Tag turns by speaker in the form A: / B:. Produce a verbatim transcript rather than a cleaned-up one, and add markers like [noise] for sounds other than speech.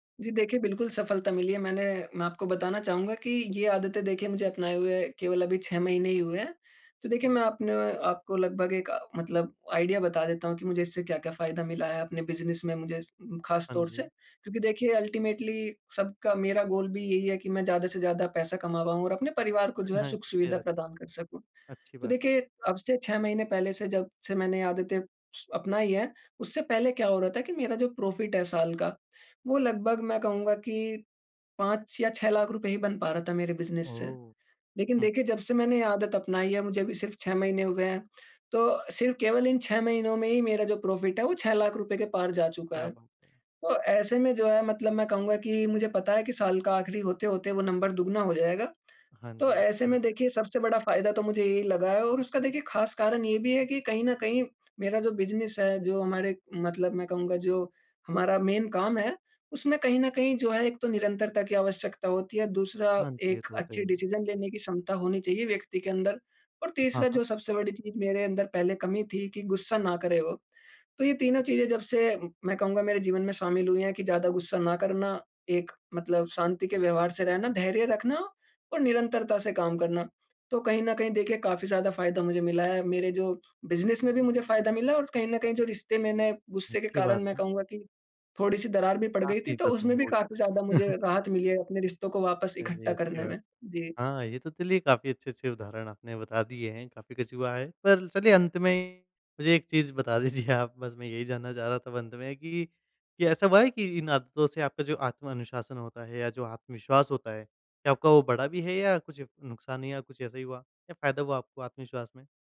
A: जी, देखिए बिल्कुल सफलता मिली है, मैंने मैं आपको बताना चाहूँगा कि ये आदतें देखिए मुझे अपनाए हुए केवल अभी छह महीने ही हुए हैं। तो देखिए मैं आपने आपको लगभग एक मतलब आइडिया बता देता हूँ कि मुझे इससे क्या-क्या फायदा मिला है अपने बिज़नेस में मुझे इस खास
B: हाँ
A: तौर से।
B: जी।
A: क्योंकि देखिए अल्टीमेटली सबका मेरा गोल भी यही है कि मैं ज़्यादा से ज़्यादा पैसा कमा पाऊँ और अपने परिवार को जो है
B: हाँ,
A: सुख
B: सही
A: सुविधा
B: रहता है।
A: प्रदान कर सकूँ।
B: अच्छी
A: तो
B: बात है।
A: देखिए अब से छह महीने पहले से जब से मैंने ये आदतें स अपनाई है, उससे पहले क्या हो रहा था कि मेरा जो प्रॉफिट है साल का वो लगभग मैं कहूँगा कि पाँच या छह लाख़ रुपये ही बन पा रहा था मेरे बिज़नेस से।
B: ओह,
A: लेकिन
B: हुँ।
A: देखिए जब से मैंने ये आदत अपनाई है मुझे अभी सिर्फ छह महीने हुए हैं तो सिर्फ केवल इन छह महीनों में ही मेरा जो प्रॉफिट है वो छह लाख़ रुपये के पार जा चुका
B: क्या
A: है,
B: बा
A: तो ऐसे में जो है मतलब मैं कहूँगा कि मुझे पता है कि साल का आखिरी होते-होते वो नंबर दुगुना हो जाएगा।
B: हाँ
A: तो
B: जी,
A: ऐसे
B: अच्छी बात
A: में
B: है।
A: देखिए, सबसे बड़ा फायदा तो मुझे यही लगा है और उसका देखिए खास कारण ये भी है कि कहीं न कहीं मेरा जो बिज़नेस है, जो हमारे मतलब मैं कहूँगा जो हमारा मेन काम है, उसमें कहीं न कहीं जो है एक तो निरंतरता की आवश्यकता होती है, दूसरा
B: हाँ जी, ये
A: एक
B: तो होता ही
A: अच्छी
B: है।
A: डिसीजन लेने की क्षमता होनी चाहिए व्यक्ति के अंदर और
B: हाँ,
A: तीसरा
B: हाँ।
A: जो सबसे बड़ी चीज़ मेरे अंदर पहले कमी थी कि गुस्सा ना करे वो। तो ये तीनों चीज़ें जब से मैं कहूँगा मेरे जीवन में शामिल हुई है कि ज़्यादा गुस्सा ना करना, एक मतलब शांति के व्यवहार से रहना, धैर्य रखना और निरंतरता से काम करना। तो कहीं न कहीं देखिए काफ़ी ज़्यादा फायदा मुझे मिला है, मेरे जो बिज़नेस में भी मुझे फायदा मिला है और कहीं न कहीं जो रिश्ते मैंने गुस्से के
B: अच्छी
A: कारण
B: बात
A: मैं
B: है।
A: कहूँगा कि थोड़ी-सी दरार भी पड़ गई थी
B: काफ़ी
A: तो उसमें
B: [unintelligible]
A: भी
B: हो
A: काफ़ी ज़्यादा
B: गया।
A: मुझे
B: [chuckles]
A: राहत मिली है अपने रिश्तों को वापस इकट्ठा
B: चलिए, अच्छी
A: करने
B: बात
A: में।
B: है।
A: जी।
B: हाँ, ये तो चलिए काफ़ी अच्छे-अच्छे उदाहरण आपने बता दिए हैं, काफ़ी कुछ हुआ है। पर चलिए अंत में मुझे एक चीज़ बता दीजिए आप बस मैं यही जानना चाह रहा था अब अंत में कि, कि ऐसा हुआ है कि इन आदतों से आपका जो आत्म अनुशासन होता है या जो आत्मविश्वास होता है क्या आपका वो बढ़ा भी है या कुछ नुकसान या कुछ ऐसा ही हुआ या फायदा हुआ आपको आत्मविश्वास में?